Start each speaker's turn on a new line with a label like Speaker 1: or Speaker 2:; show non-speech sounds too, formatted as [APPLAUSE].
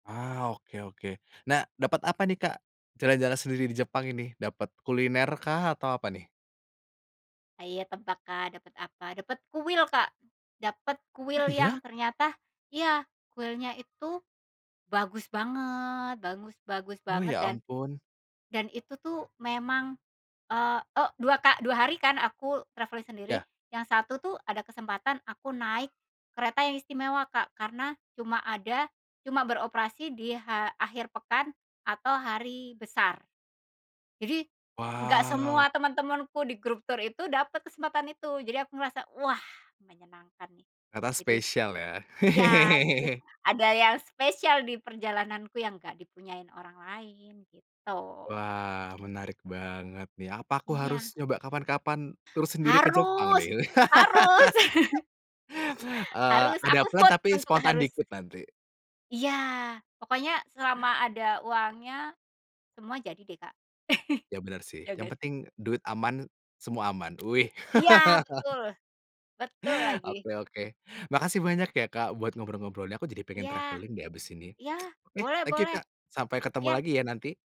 Speaker 1: Ah, oke oke. Nah, dapet apa nih, Kak, jalan-jalan sendiri di Jepang ini dapet kuliner kah, atau apa nih?
Speaker 2: Hayo tebak, Kak, dapet apa? Dapet kuil, Kak, dapet
Speaker 1: Ah,
Speaker 2: kuil
Speaker 1: iya?
Speaker 2: yang ternyata iya kuilnya itu bagus banget, bagus bagus
Speaker 1: Oh,
Speaker 2: banget
Speaker 1: ya
Speaker 2: dan
Speaker 1: ampun.
Speaker 2: dan itu tuh memang, eee, oh 2 ka 2 hari kan aku travelling sendiri,
Speaker 1: Ya.
Speaker 2: yang 1 tuh ada kesempatan aku naik kereta yang istimewa, Kak, karena cuma ada cuma beroperasi di ha akhir pekan atau hari besar. Jadi nggak
Speaker 1: Wow.
Speaker 2: semua teman-temanku di grup tour itu dapet kesempatan itu jadi aku ngerasa, wah menyenangkan nih
Speaker 1: Ternyata
Speaker 2: jadi
Speaker 1: spesial ya.
Speaker 2: ya jadi
Speaker 1: [LAUGHS]
Speaker 2: ada yang spesial di perjalananku yang nggak dipunyai orang lain, gitu.
Speaker 1: Wah, menarik banget nih apa aku harus
Speaker 2: Iya.
Speaker 1: nyoba kapan-kapan tour sendiri ke Jepang
Speaker 2: Harus
Speaker 1: nih?
Speaker 2: harus. [LAUGHS]
Speaker 1: [LAUGHS] Eee,
Speaker 2: Harus,
Speaker 1: ada
Speaker 2: aku
Speaker 1: plan
Speaker 2: vote
Speaker 1: tapi
Speaker 2: untuk
Speaker 1: spontan
Speaker 2: harus.
Speaker 1: dikit nanti.
Speaker 2: Iya pokoknya selama ada uangnya semua jadi deh, Kak.
Speaker 1: Ya bener
Speaker 2: [LAUGHS]
Speaker 1: sih,
Speaker 2: Ya ngga
Speaker 1: yang
Speaker 2: sih?
Speaker 1: penting duit aman semua aman. Wih!
Speaker 2: Iya
Speaker 1: [LAUGHS]
Speaker 2: betul! Betul lagi.
Speaker 1: Oke oke, makasih banyak ya, Kak, buat ngobrol-ngobrolnya, aku jadi pengen
Speaker 2: Iya
Speaker 1: travelling deh abis ini.
Speaker 2: iya,
Speaker 1: [CLICKS TONGUE] Oke
Speaker 2: boleh
Speaker 1: thank you
Speaker 2: boleh.
Speaker 1: Kak, sampai ketemu
Speaker 2: Iya.
Speaker 1: lagi ya nanti.